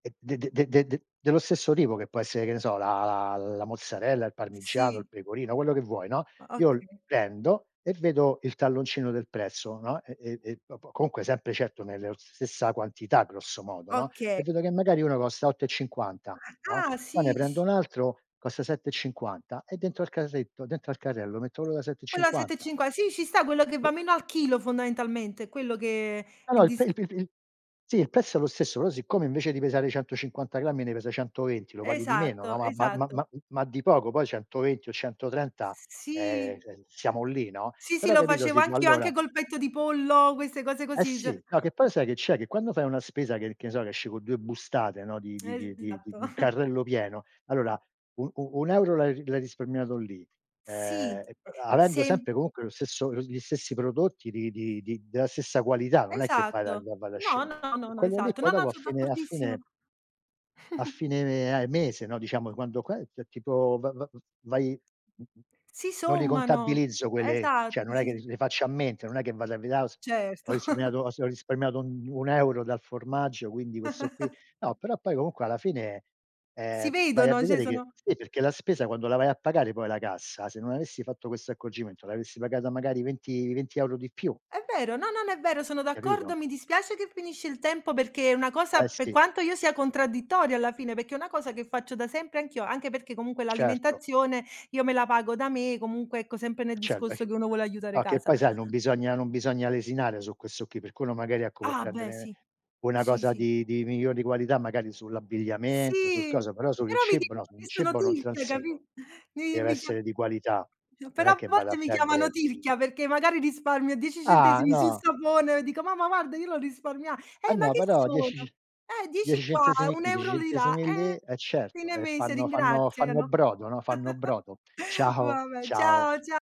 Eh d de de de de de dello stesso tipo che può essere che ne so la la la mozzarella, il parmigiano, il Sì. pecorino, quello che vuoi, no. O Io okay. prendo e vedo il talloncino del prezzo, no, e e e dopo comunque sempre certo nella stessa quantità grosso modo, no. Okay. E vedo che magari uno costa 8,50, no. Ah, Poi ne sì prendo s un altro, costa 7,50 e dentro al carretto, dentro al carrello, metto quello da sette e Quella a sette e cinquanta. cinqua sì ci sta, quello che va meno al chilo fondamentalmente, è quello che No, no il il pre disc il pr il pr sì il prezzo è lo stesso però siccome invece di pesare 150 grammi ne pesa 120 lo paghi di meno no. Esatto, Ma ba ma esatto. ma ma ma di poco poi 120 o 130, S ehm, sì. siamo lì, no. Sì, sì, Però lo capito facevo sì po anch'io anche allora col petto di pollo queste cose Eh così se sì, no che poi ch sai che c'è, che quando fai una spesa che che ne so che esce con 2 bustate, no, di di di di di Esatto. di un carrello pieno, allora u u un euro l'hai l'hai risparmiato lì, Sì, ehm, e poi avendo sem sempre comunque lo stesso lo gli stessi prodotti di-di di della stessa qualità, non è che fai la. Esatto. No, [unintelligible] no, no, E no, quello lì esatto, no, poi no, dopo a so fine a d'accordissimo. fine a fine eh mese, no, diciamo quando qua, cioè tipo v v va vai [unintelligible] Si non li sommano, contabilizzo quelle, cioè esatto. non è Si che l so le faccio a mente, non è che vado a vedere ah ho s ho Certo. risparmiato ho s ho risparmiato un un euro dal formaggio, quindi questo qui. No, però poi comunque alla fine, Si ehm, vai a vedono, cioè vedere che sono sì, perché la spesa quando la vai a pagare poi alla cassa, se non avessi fatto questo accorgimento l'avresti pagata magari 20, 20 € di più. È vero, no, no, no è vero, sono d'accordo, Capito? mi dispiace che finisce il tempo perché è una cosa Eh per sì. quanto io sia contraddittoria alla fine, perché è una cosa che faccio da sempre anch'io, anche perché comunque Certo. l'alimentazione io me la pago da me, comunque ecco sempre nel Certo. discorso che uno vuole aiutare No, che casa. poi sai non bisogna non bisogna lesinare su questo qui, per quello magari ecco vuol Ah beh prendere sì! una Sì, cosa sì. di di migliori qualità magari sull'abbigliamento, sul Sì, coso, però sul il però mi cibo no, dicono su un che sono cibo non tirchia, capì transigo. Mi Deve mi chia essere di qualità. [unintelligible] Non Però è a che vado volte a mi chiamano prendere tirchia perché magari risparmio 10 Ah centesimi sul no! sapone e dico: "Mamma guarda io l'ho risparmia" Eh eh ma no, che però sono. 10 c Eh 10 10 qua, centesimi un qui, 10 euro di là centesimi lì, eh, eh certo fine e mese fanno fanno fanno ringraziano. brodo, no. Fanno brodo. Ciao, Vabbè, ciao. ciao cia